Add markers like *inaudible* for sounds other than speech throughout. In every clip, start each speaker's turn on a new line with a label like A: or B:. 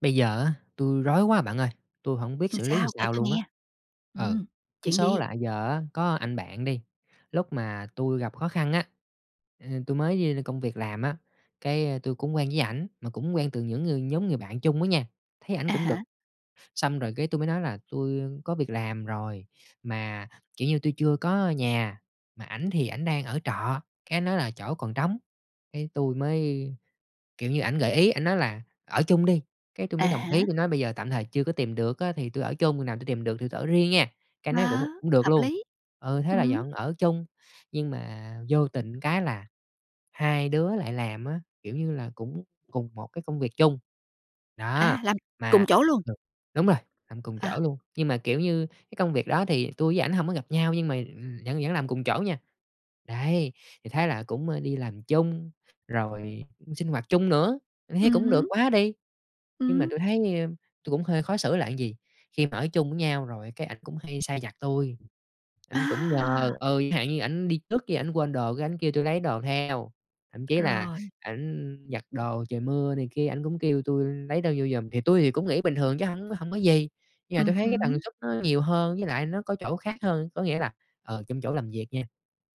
A: Bây giờ á, tui rối quá bạn ơi! Tui hổng biết
B: Ừm,
A: xử lý làm
B: sao? Kể
A: sao
B: tôi
A: luôn á.
B: nghe.
A: Ừ.
B: Ừm,
A: Cái
B: chuyện
A: số
B: gì?
A: là giờ á có anh bạn đi, lúc mà tui gặp khó khăn á, à, tui mới đi công việc làm á, cái tui cũng quen với ảnh, mà cũng quen từ những ngừ nhóm người bạn chung đó nha, thấy ảnh
B: À
A: cũng được.
B: há.
A: Xong rồi cái, tui mới nói là tui có việc làm rồi, mà, kiểu như, tui chưa có nhà, mà ảnh thì ảnh đang ở trọ. Cái ảnh nói là chỗ còn trống. Cái tui mới kiểu như, ảnh gợi ý, ảnh nói là "Ở chung đi!" Cái tui
B: À
A: mới đồng ý,
B: há.
A: tui nói bây giờ tạm thời chưa có tìm được á thì tui ở chung, hồi nào tui tìm được thì tui ở riêng nha. Cái ảnh
B: Ờ,
A: nói: "Cũng cũng được
B: hợp
A: luôn."
B: lý!
A: Ừ, thế là
B: Ừm.
A: dọn ở chung. Nhưng mà vô tình cái là hai đứa lại làm á, kiểu như là, cũng cùng một cái công việc chung. Đó!
B: À, làm
A: Mà
B: cùng chỗ luôn?
A: ừ, đúng rồi, làm cùng
B: À.
A: chỗ luôn. Nhưng mà, kiểu như, cái công việc đó thì tui với ảnh hổng có gặp nhau nhưng mà, ừm, vẫn vẫn làm cùng chỗ nha. Đấy, thì thấy là cũng đi làm chung, rồi sinh hoạt chung nữa, thấy
B: Ừm
A: cũng được
B: hứm.
A: quá đi! Nhưng mà
B: Ừm.
A: tui thấy tui cũng hơi khó xử là gì? Khi mà ở chung với nhau rồi cái ảnh cũng hay sai vặt tui, ảnh cũng
B: À!
A: nhờ ừ, chẳng hạn như ảnh đi trước cái ảnh quên đồ, cái ảnh kêu tui lấy đồ theo. Thậm chí là
B: Rồi.
A: ảnh giặt đồ trời mưa này kia, ảnh cũng kêu tui lấy đồ vô giùm. Thì tui thì cũng nghĩ bình thường chứ hổng hổng có gì. Giờ
B: Ừm
A: tui thấy cái tần
B: hứm.
A: suất nó nhiều hơn với lại nó có chỗ khác hơn, có nghĩa là, ờ, trong chỗ làm việc nha,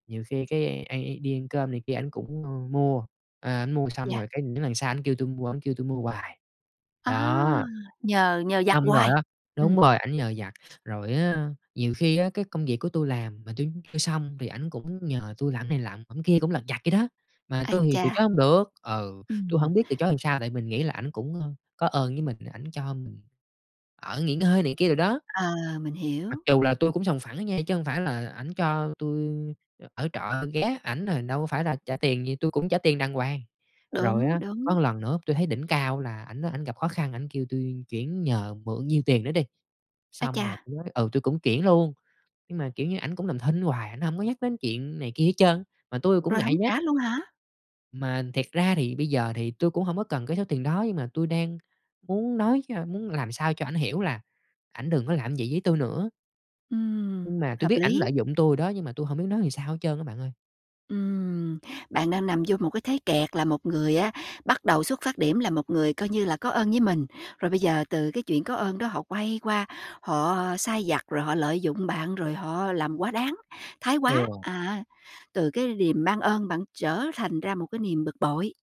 A: nhiều khi cái anh i đi ăn cơm này kia ảnh cũng mua. Ờ, ảnh mua xong
B: Yeah.
A: rồi cái những lần sau ảnh kêu tui mu ổng kêu tui mua hoài.
B: À,
A: Đó.
B: nhờ nhờ vặt
A: Xong rồi
B: hoài!
A: á đúng
B: Ừm.
A: rồi, ảnh nhờ vặt. Rồi á, nhiều khi á cái công việc của tui làm mà tui tui xong thì ảnh cũng nhờ tui làm này làm ẵm kia, cũng lặt vặt vậy đó, mà
B: Ái
A: tui thì từ
B: chà.
A: chối hông được. Ừ, tui
B: Ừm.
A: hổng biết từ chối làm sao, tại mình nghĩ là ảnh cũng có ơn với mình, ảnh cho mình ở, nghỉ ngơi này kia đồ đó.
B: Ờ, mình
A: Mặc
B: hiểu.
A: dù là tui cũng sòng phẳng á nha chứ hông phải là ảnh cho tui ở trọ, tui ghé ảnh là đâu có phải là trả tiền gì, tui cũng trả tiền đàng hoàng. Rồi
B: Đúng,
A: á,
B: đúng.
A: có lần nữa tui thấy đỉnh cao là ảnh đó ảnh gặp khó khăn, ảnh kêu tui chuyển nhờ mượn nhiêu tiền đó đi,
B: Ái
A: xong rồi
B: chà!
A: tui mới ừ, tui cũng chuyển luôn. Nhưng mà, kiểu như, ảnh cũng làm thinh hoài, ảnh hông có nhắc đến chuyện này kia hết trơn, mà tui cũng
B: Rồi
A: ngại
B: hổng
A: nhắc.
B: trả luôn hả?
A: Mà thiệt ra thì bây giờ thì tui cũng hổng có cần cái số tiền đó, nhưng mà tui đang muốn nói cho muốn làm sao cho ảnh hiểu là ảnh đừng có làm vậy với tui nữa.
B: Ừm,
A: Nhưng mà tui
B: hợp
A: biết ảnh
B: lý.
A: lợi dụng tui rồi đó nhưng mà tui hổng biết nói sao hết trơn á bạn ơi.
B: Ừm, bạn đang nằm vô một cái thế kẹt là một người á bắt đầu xuất phát điểm là một người coi như là có ơn với mình, rồi bây giờ từ cái chuyện có ơn đó họ quay qua, họ sai vặt, rồi họ lợi dụng bạn, rồi họ làm quá đáng, thái quá.
A: Ừ.
B: À. Từ cái điềm ban ơn bạn trở thành ra một cái niềm bực bội.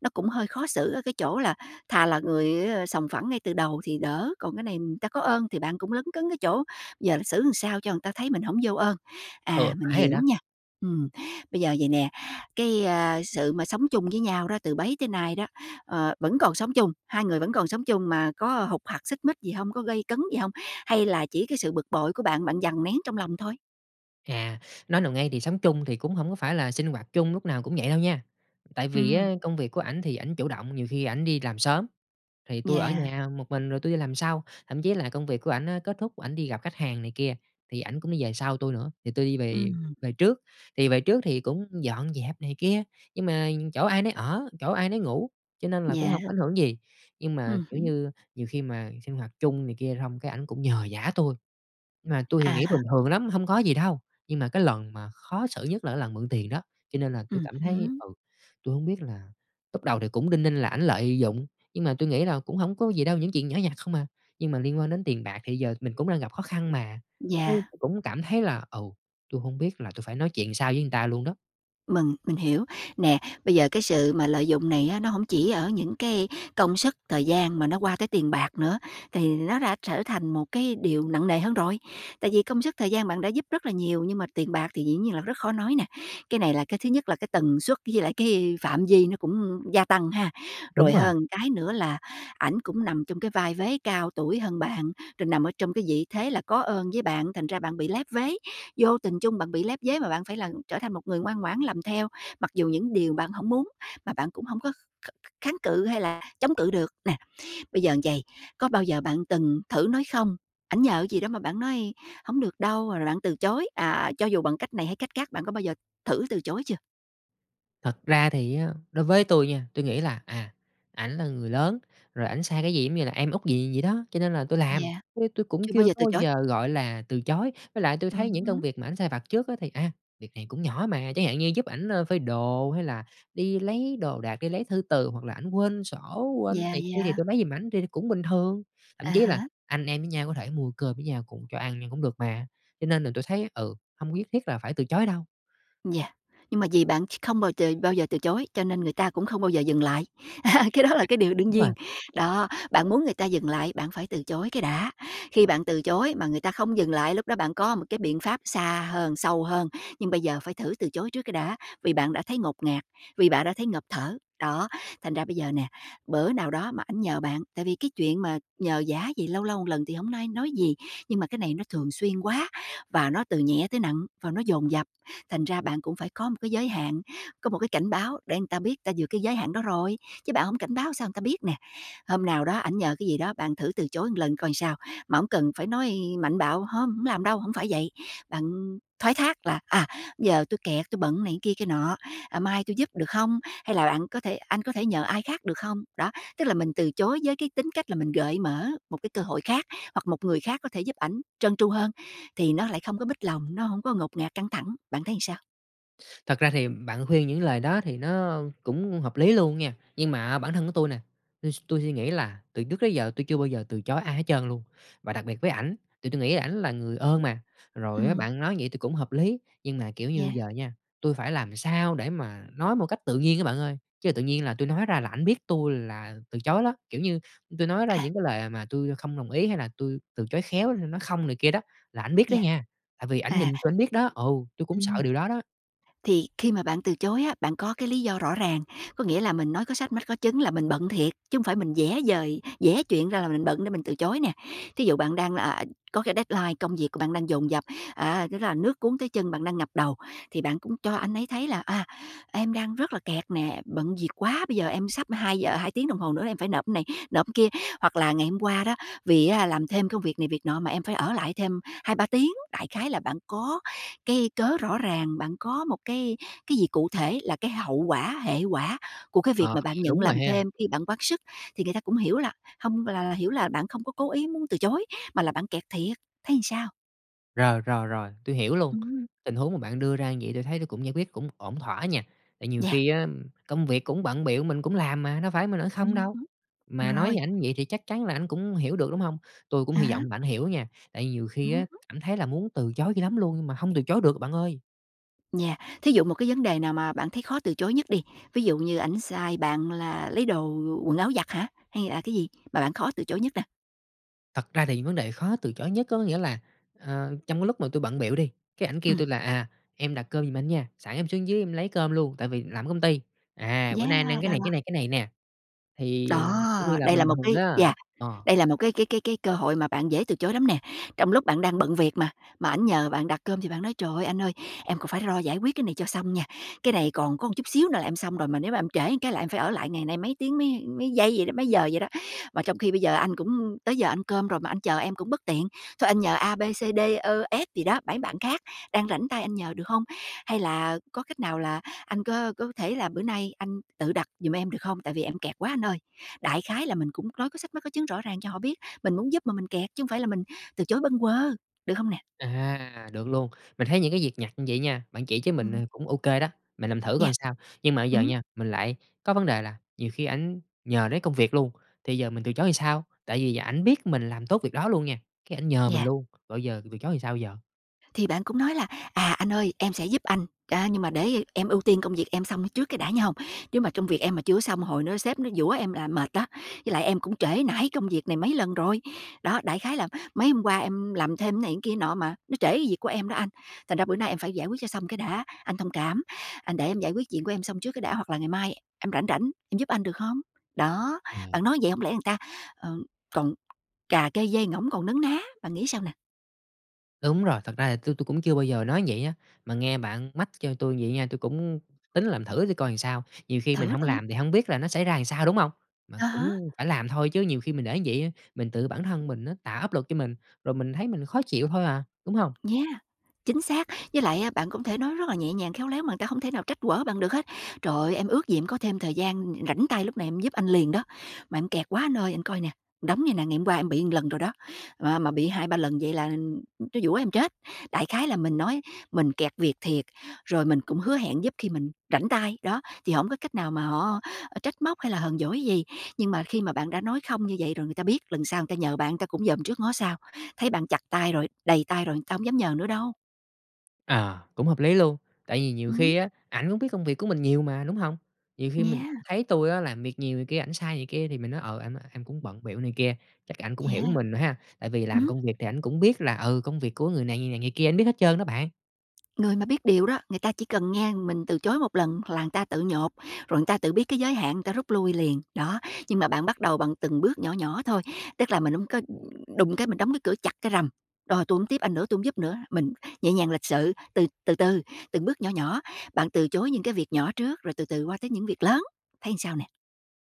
B: Nó cũng hơi khó xử ở cái chỗ là thà là người sòng phẳng ngay từ đầu thì đỡ, còn cái này người ta có ơn thì bạn cũng lấn cấn cái chỗ giờ là xử sao cho người ta thấy mình hổng vô ơn. À,
A: Ừ,
B: mình
A: phải rồi
B: hiểu
A: đó.
B: nha. Ừm, bây giờ vầy nè, cái, a, sự mà sống chung với nhau đó từ bấy tới nay đó, ờ vẫn còn sống chung hai người vẫn còn sống chung mà có hục hặc, xích mích gì hông, có gay cấn gì hông, hay là chỉ cái sự bực bội của bạn, bạn dằn nén trong lòng thôi?
A: À, nói nào ngay, thì sống chung thì cũng hổng có phải là sinh hoạt chung lúc nào cũng vậy đâu nha. Tại vì
B: Ừm.
A: á, công việc của ảnh thì ảnh chủ động, nhiều khi ảnh đi làm sớm, thì tui ở
B: Yeah.
A: nhà một mình rồi tui đi làm sau. Thậm chí là công việc của ảnh kết thúc, ảnh đi gặp khách hàng này kia thì ảnh cũng đi về sau tui nữa, thì tui đi về
B: Ừm.
A: về trước. Thì về trước thì cũng dọn dẹp này kia, nhưng mà chỗ ai nấy ở, chỗ ai nấy ngủ cho nên là cũng
B: Yeah.
A: hổng có ảnh hưởng gì. Nhưng mà,
B: Ừm
A: kiểu
B: hứm.
A: như, nhiều khi mà sinh hoạt chung này kia xong cái ảnh cũng nhờ vả tui. Mà tui thì
B: À
A: nghĩ
B: há.
A: bình thường lắm, hông có gì đâu. Nhưng mà cái lần mà khó xử nhất là lần mượn tiền đó, cho nên là tui
B: Ừm
A: cảm thấy
B: hứm.
A: ừ, tui hông biết là lúc đầu thì cũng đinh ninh là ảnh lợi dụng, nhưng mà tui nghĩ là cũng hổng có gì đâu, những chuyện nhỏ nhặt không à. Nhưng mà liên quan đến tiền bạc thì giờ mình cũng đang gặp khó khăn mà, ê
B: Yeah.
A: cũng cảm thấy là ừ, tui hông biết là tui phải nói chuyện làm sao với người ta luôn đó.
B: Mừng mình hiểu. Nè, bây giờ cái sự mà lợi dụng này á nó hổng chỉ ở những cái công sức, thời gian mà nó qua tới tiền bạc nữa, thì nó đã trở thành một cái điều nặng nề hơn rồi. Tại vì công sức, thời gian bạn đã giúp rất là nhiều, nhưng mà tiền bạc thì dĩ nhiên là rất khó nói nè. Cái này là cái thứ nhất, là cái tần suất với lại cái phạm vi nó cũng gia tăng, ha.
A: Đúng
B: Rồi
A: rồi.
B: hơn cái nữa là, ảnh cũng nằm trong cái vai vế cao tuổi hơn bạn, rồi nằm ở trong cái vị thế là có ơn với bạn thành ra bạn bị lép vế, vô tình chung bạn bị lép vế mà bạn phải là trở thành một người ngoan ngoãn làm theo mặc dù những điều bạn hổng muốn, mà bạn cũng hông có kh kh kháng cự hay là chống cự được. Nè, bây giờ là vầy, có bao giờ bạn từng thử nói "không", ảnh nhờ gì đó mà bạn nói: "Hổng được đâu," rồi là bạn từ chối, à, cho dù bằng cách này hay cách các. Bạn có bao giờ thử từ chối chưa?
A: Thật ra thì á, đối với tui nha, tui nghĩ là, à, ảnh là người lớn, rồi ảnh sai cái gì cũng như là em út vậy vậy đó, cho nên là tui làm,
B: Yeah.
A: chứ tui cũng
B: Chưa bao
A: chưa
B: giờ
A: có
B: từ
A: bao
B: chối?
A: giờ, gọi là, từ chối. Với lại tui
B: Ừm
A: thấy những công
B: hứm.
A: việc mà ảnh sai vặt trước á thì, a, việc này cũng nhỏ mà, chẳng hạn như giúp ảnh phơi đồ hay là đi lấy đồ đạc, đi lấy thư từ, hoặc là ảnh quên sổ, quên tiền
B: Yeah,
A: này kia thì
B: yeah.
A: tui lấy giùm ảnh, thì thì cũng bình thường. Thậm
B: À
A: chí là
B: há.
A: anh em với nhau có thể mua cơm với nhau cùng cho ăn nhưng cũng được mà. Cho nên là tui thấy, ừ, hông có nhất thiết là phải từ chối đâu.
B: Yeah. Nhưng mà vì bạn ch không bào tờ bao giờ từ chối cho nên người ta cũng không bao giờ dừng lại. *laughs* Cái đó là
A: À
B: cái điều đương
A: đúng rồi.
B: nhiên. Đó! Bạn muốn người ta dừng lại bạn phải từ chối cái đã. Khi bạn từ chối mà người ta không dừng lại, lúc đó bạn có một cái biện pháp xa hơn, sâu hơn, nhưng bây giờ phải thử từ chối trước cái đã vì bạn đã thấy ngột ngạt, vì bạn đã thấy ngộp thở. Đó! Thành ra bây giờ nè, bữa nào đó mà ảnh nhờ bạn tại vì cái chuyện mà nhờ vả gì, lâu lâu một lần thì hổng nai nói gì. Nhưng mà cái này nó thường xuyên quá, và nó từ nhẹ tới nặng và nó dồn dập, thành ra bạn cũng phải có một cái giới hạn, có một cái cảnh báo để người ta biết người ta vượt cái giới hạn đó rồi, chứ bạn hổng cảnh báo sao người ta biết nè. Hôm nào đó ảnh nhờ cái gì đó, bạn thử từ chối một lần coi sao? Mà hổng cần phải nói mạnh bạo: "Hông, hổng làm đâu," hổng phải vậy. Bạn thoái thác là: "À, giờ tui kẹt, tui bận này kia kia nọ, ờ, mai tui giúp được hông? Hay là bạn có thể anh có thể nhờ ai khác được không?" Đó, tức là mình từ chối với cái tính cách là mình gợi mở một cái cơ hội khác hoặc một người khác có thể giúp ảnh trơn tru hơn, thì nó lại không có mích lòng, nó hổng có ngột ngạt, căng thẳng. Bạn thấy sao?
A: Thật ra thì bạn khuyên những lời đó thì nó cũng hợp lý luôn nha. Nhưng mà bản thân của tui nè, tui s tui suy nghĩ là từ trước đến giờ tui chưa bao giờ từ chối ai hết trơn luôn, và đặc biệt với ảnh, tại tui nghĩ ảnh là người ơn mà. Rồi á
B: Ừm.
A: bạn nói vậy tui cũng hợp lý. Nhưng mà, kiểu như,
B: Yeah.
A: giờ nha, tui phải làm sao để mà nói một cách tự nhiên á bạn ơi? Chứ tự nhiên là tui nói ra là ảnh biết tui là từ chối đó. Kiểu như, tui nói ra
B: À.
A: những cái lời mà tui không đồng ý hay là tui từ chối khéo, nói "không" này kia đó là ảnh biết đó
B: Yeah.
A: nha, tại vì ảnh nhìn
B: À.
A: tui ảnh biết đó ừ, tui cũng sợ
B: Ừm.
A: điều đó đó.
B: Thì khi mà bạn từ chối á, bạn có cái lý do rõ ràng. Có nghĩa là mình nói có sách mách có chứng là mình bận thiệt chứ hông phải mình vẽ vời vẽ chuyện ra là mình bận để mình từ chối nè. Thí dụ bạn đang, à, có cái deadline, công việc của bạn đang dồn dập, à, lúc đó là nước cuốn tới chân, bạn đang ngập đầu thì bạn cũng cho anh ấy thấy là "À, em đang rất là kẹt nè, bận việc quá. Bây giờ em sắp hai giờ hai tiếng đồng hồ nữa em phải nộp cái này, nộp cái kia." Hoặc là: "Ngày hôm qua đó, vì á làm thêm công việc này việc nọ mà em phải ở lại thêm 2, 3 tiếng!" Đại khái là bạn có cái cớ rõ ràng, bạn có một cái cái gì cụ thể, là cái hậu quả, hệ quả của cái
A: Ờ,
B: việc mà bạn
A: vậy
B: nhận
A: đúng rồi
B: làm
A: ha.
B: thêm khi bạn quá sức, thì người ta cũng hiểu là hông là là hiểu là bạn không có cố ý muốn từ chối, mà là bạn kẹt thiệt. Thấy sao?
A: Rồi, rồi, rồi, tui hiểu luôn.
B: Ừm.
A: Tình huống mà bạn đưa ra như vậy tui thấy tui cũng giải quyết cũng ổn thỏa nha. Tại nhiều
B: Yeah.
A: khi á công việc cũng bận bịu, mình cũng làm mà, đâu phải mình ở không
B: Ừm
A: đâu.
B: hứm.
A: Mà nói
B: Rồi.
A: với ảnh vậy thì chắc chắn là ảnh cũng hiểu được, đúng hông? Tui cũng
B: À
A: hy
B: há.
A: vọng bạn hiểu nha, tại nhiều khi
B: Ừm
A: á,
B: hứm.
A: cảm thấy là muốn từ chối dữ lắm luôn mà hông từ chối được bạn ơi!
B: Yeah. Thí dụ một cái vấn đề nào mà bạn thấy khó từ chối nhất đi. Ví dụ như ảnh sai bạn là lấy đồ quần áo giặt hả? Hay là cái gì mà bạn khó từ chối nhất nè?
A: Thật ra thì vấn đề khó từ chối nhất có nghĩa là, à, trong lúc mà tui bận bịu đi, cái ảnh kêu
B: Ừm.
A: tui là "À, em đặt cơm giùm anh nha, sẵn em xuống dưới em lấy cơm luôn tại vì làm ở công ty. À, bữa
B: Yeah,
A: nay anh ăn cái
B: đó,
A: này,
B: đó!
A: cái này, cái này nè." Thì, kiểu như
B: Đó!
A: là,
B: Đây là
A: bình
B: một
A: thường
B: cái
A: á.
B: yeah,
A: Ờ.
B: đây là một cái cái cái cơ hội mà bạn dễ từ chối lắm nè. Trong lúc bạn đang bận việc mà, mà anh nhờ bạn đặt cơm thì bạn nói: "Trời ơi, anh ơi, em còn phải lo giải quyết cái này cho xong nha. Cái này còn có một chút xíu nữa là em xong rồi, mà nếu mà em trễ cái là em phải ở lại ngày nay mấy tiếng mấy mấy giây vậy đó mấy giờ vậy đó. Mà trong khi bây giờ anh cũng tới giờ ăn cơm rồi, mà anh chờ em cũng bất tiện. Thôi anh nhờ A, B, C, D, Ơ, S gì đó, bấy bạn khác đang rảnh tay anh nhờ được hông? Hay là có cách nào là anh có có thể là bữa nay anh tự đặt dùm em được không? Tại vì em kẹt quá anh ơi!" Đại khái là mình cũng nói có sách mách có chứng rõ ràng cho họ biết mình muốn giúp mà mình kẹt, chứ hông phải là mình từ chối bâng quơ, được không nè?
A: À, được luôn. Mình thấy những cái việc nhặt như vậy nha bạn chỉ cho mình nè
B: Ừm.
A: cũng OK đó, mình làm thử coi
B: Yeah.
A: sao. Nhưng mà bây giờ
B: Ừm.
A: nha, mình lại có vấn đề là nhiều khi ảnh nhờ đến công việc luôn thì giờ mình từ chối sao? Tại vì ảnh biết mình làm tốt việc đó luôn nha, cái ảnh nhờ mình
B: Yeah.
A: luôn. Rồi giờ từ chối làm sao giờ?
B: Thì bạn cũng nói là "À, anh ơi, em sẽ giúp anh, ờ, nhưng mà để em ưu tiên công việc em xong nó trước cái đã nghe hông? Nếu mà công việc em mà chưa có xong, hồi nữa sếp nó giũa em là mệt đó. Với lại em cũng trễ nải công việc này mấy lần rồi." Đó, đại khái là "Mấy hôm qua em làm thêm cái này cái kia nọ mà nó trễ cái việc của em đó anh, thành ra bữa nay em phải giải quyết cho xong cái đã, anh thông cảm. Anh để em giải quyết chuyện của em xong trước cái đã, hoặc là ngày mai em rảnh rảnh em giúp anh, được hông?" Đó,
A: Ừm.
B: bạn nói vậy hông lẽ người ta ờm, còn cà kê dê ngỗng, còn nấn ná. Bạn nghĩ sao nè?
A: Đúng rồi, thật ra thì tui tui cũng chưa bao giờ nói vậy á, mà nghe bạn mách cho tui vậy nha, tui cũng tính làm thử tui coi làm sao. Nhiều khi mình
B: Thử
A: hông
B: xem.
A: làm thì hông biết là nó sẽ ra làm sao, đúng hông? Mà
B: À há.
A: cũng phải làm thôi, chứ nhiều khi mình để như vậy á, mình tự bản thân mình nó tạo áp lực cho mình, rồi mình thấy mình khó chịu thôi à, đúng hông?
B: Yeah, chính xác. Với lại á bạn cũng thể nói rất là nhẹ nhàng, khéo léo mà người ta không thể nào trách quở bạn được hết: "Trời ơi, em ước gì em có thêm thời gian rảnh tay lúc này em giúp anh liền đó, mà em kẹt quá anh ơi. Anh coi nè, đống này nè, ngày hôm qua em bị một lần rồi đó. M Mà bị 2,3 lần vậy là nó giũa em chết!" Đại khái là mình nói mình kẹt việc thiệt, rồi mình cũng hứa hẹn giúp khi mình rảnh tay, đó, thì hổng có cách nào mà họ trách móc hay là hờn dỗi gì. Nhưng mà khi mà bạn đã nói "không" như vậy rồi, người ta biết, lần sau người ta nhờ bạn người ta cũng dòm trước ngó sau. Thấy bạn chặt tay rồi, đầy tay rồi, người ta hông dám nhờ nữa đâu.
A: Ờ, cũng hợp lý luôn. Tại vì nhiều
B: Ừm.
A: khi á ảnh cũng biết công việc của mình nhiều mà, đúng hông? Nhiều khi mình
B: Yeah.
A: thấy tui á làm việc nhiều này kia, ảnh sai này kia thì mình nói: "Ờ, anh ơi, em cũng bận bịu này kia," chắc ảnh cũng hiểu
B: Yeah.
A: mình ha? Tại vì
B: Ừm
A: làm
B: hứm.
A: công việc thì ảnh cũng biết là, ừ, công việc của người này, người này, người kia, ảnh biết hết trơn đó bạn!
B: Người mà biết điều đó, người ta chỉ cần nghe mình từ chối một lần là người ta tự nhột, rồi người ta tự biết cái giới hạn người ta rút lui liền. Đó! Nhưng mà bạn bắt đầu bằng từng bước nhỏ nhỏ thôi. Tức là mình hông có đùng cái mình đóng cái cửa chặt cái "rầm", rồi: "Tui hổng tiếp anh nữa, tui không giúp nữa." Mình nhẹ nhàng, lịch sự, từ từ từ, từng bước nhỏ nhỏ. Bạn từ chối những cái việc nhỏ trước rồi từ từ qua tới những việc lớn, thấy làm sao nè?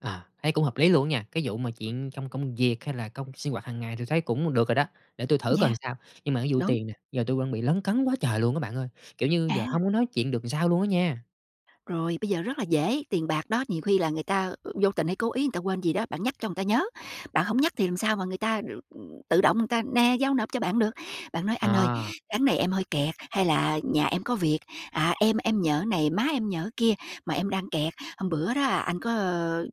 A: Ờ, thấy cũng hợp lý luôn nha. Cái vụ mà chuyện trong công việc hay là cong sinh hoạt hàng ngày tui thấy cũng được rồi đó, để tui thử coi làm
B: Yeah.
A: sao. Nhưng mà cái vụ
B: Đúng.
A: tiền nè, giờ tui vẫn bị lấn cấn quá trời luôn á bạn ơi! Kiểu như, giờ
B: À.
A: hông có nói chuyện được sao luôn á nha!
B: Rồi, bây giờ rất là dễ. Tiền bạc đó, nhiều khi là người ta vô tình hay cố ý người ta quên gì đó, bạn nhắc cho người ta nhớ. Bạn hổng nhắc thì làm sao mà người ta tự động người ta: "Nè," giao nộp cho bạn được. Bạn nói:
A: Ờ.
B: "Anh ơi, tháng này em hơi kẹt" hay là:" Nhà em có việc, à, em em nhờ cái này, má em nhờ cái kia mà em đang kẹt. Hôm bữa đó, à, anh có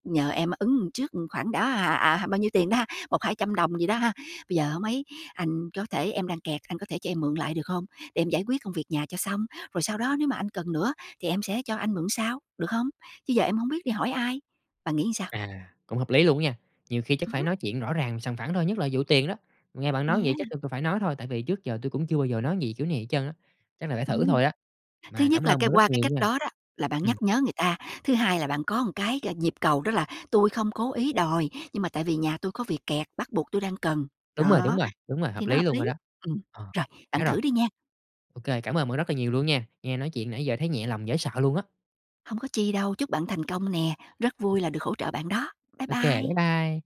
B: nhờ em ứng trước khoảng đó, à, à, bao nhiêu tiền đó, 100, 200 đồng gì đó ha. Bây giờ hông ấy, anh có thể em đang kẹt, anh có thể cho em mượn lại, được hông, để em giải quyết công việc nhà cho xong? Rồi sau đó nếu mà anh cần nữa thì em sẽ cho anh mượn sau, được không? Chứ giờ em hổng biết đi hỏi ai." Bạn nghĩ làm sao?
A: À, cũng hợp lý luôn á nha. Nhiều khi chắc
B: Ừm
A: phải
B: hứm.
A: nói chuyện rõ ràng, sòng phẳng thôi, nhất là vụ tiền đó. Nghe bạn nói vậy
B: Yeah.
A: chắc tui cũng phải nói thôi, tại vì trước giờ tui cũng chưa bao giờ nói gì kiểu này hết trơn á, chắc là phải thử
B: Ừm.
A: thôi á.
B: Thứ
A: Mà cảm
B: nhất là
A: ơn
B: cái
A: bạn rất
B: qua cái
A: nhiều
B: cách
A: nha.
B: đó đó, là bạn nhắc
A: Ừm.
B: nhớ người ta. Thứ hai là bạn có một cái nhịp cầu, đó là: "Tôi không cố ý đòi, nhưng mà tại vì nhà tôi có việc kẹt, bắt buộc tôi đang cần."
A: Đúng rồi, đúng
B: Đó,
A: rồi, đúng rồi,
B: thì
A: hợp
B: nó
A: lý
B: hợp
A: luôn rồi
B: lý.
A: đó.
B: Ừm,
A: Ờ,
B: rồi, bạn
A: nhớ rồi.
B: thử đi nha.
A: Ô kê, cảm ơn bạn rất là nhiều luôn nha! Nghe nói chuyện nãy giờ thấy nhẹ lòng dễ sợ luôn á!
B: Hông có chi đâu, chúc bạn thành công nè. Rất vui là được hỗ trợ bạn đó. Bái
A: Ô kê, bái
B: bai!
A: bai.